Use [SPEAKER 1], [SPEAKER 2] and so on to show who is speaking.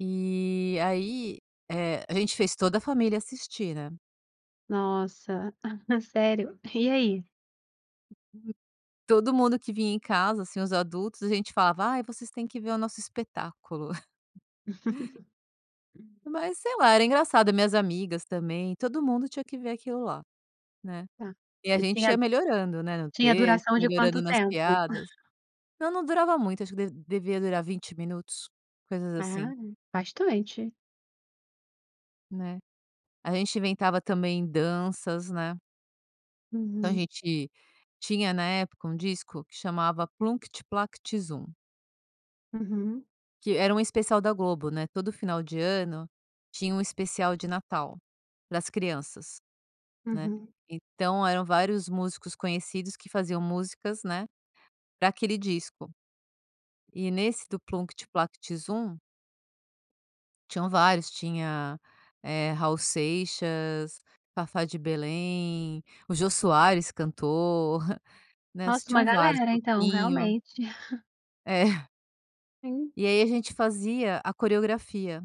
[SPEAKER 1] E aí, eh, a gente fez toda a família assistir, né.
[SPEAKER 2] Nossa, sério, e aí?
[SPEAKER 1] Todo mundo que vinha em casa, assim, os adultos a gente falava: "Ai, vocês têm que ver o nosso espetáculo." Mas, sei lá, era engraçado minhas amigas também, todo mundo tinha que ver aquilo lá, né.
[SPEAKER 2] Ah,
[SPEAKER 1] E a
[SPEAKER 2] e
[SPEAKER 1] gente
[SPEAKER 2] tinha
[SPEAKER 1] ia melhorando, né, no
[SPEAKER 2] tinha
[SPEAKER 1] texto,
[SPEAKER 2] duração de
[SPEAKER 1] melhorando
[SPEAKER 2] quanto
[SPEAKER 1] nas
[SPEAKER 2] tempo?
[SPEAKER 1] piadas não não durava muito, acho que devia durar 20 minutos, coisas assim.
[SPEAKER 2] Ah, bastante.
[SPEAKER 1] Né, a gente inventava também danças, né. Então, a
[SPEAKER 2] Uhum.
[SPEAKER 1] gente tinha na época, um disco que chamava Plunct Plact Zum
[SPEAKER 2] Uhum.
[SPEAKER 1] que era um especial da Globo, né, todo final de ano tinha um especial de Natal, para as crianças, né,
[SPEAKER 2] Uhum.
[SPEAKER 1] então eram vários músicos conhecidos que faziam músicas, né, para aquele disco. E nesse do Plunct Plact Zum tinham vários, tinha, eh, Raul Seixas, Fafá de Belém, o Jô Soares cantou, né,
[SPEAKER 2] Nossa, uma
[SPEAKER 1] tinham vários,
[SPEAKER 2] galera então,
[SPEAKER 1] Toquinho.
[SPEAKER 2] realmente
[SPEAKER 1] É.
[SPEAKER 2] Sim.
[SPEAKER 1] E aí a gente fazia a coreografia.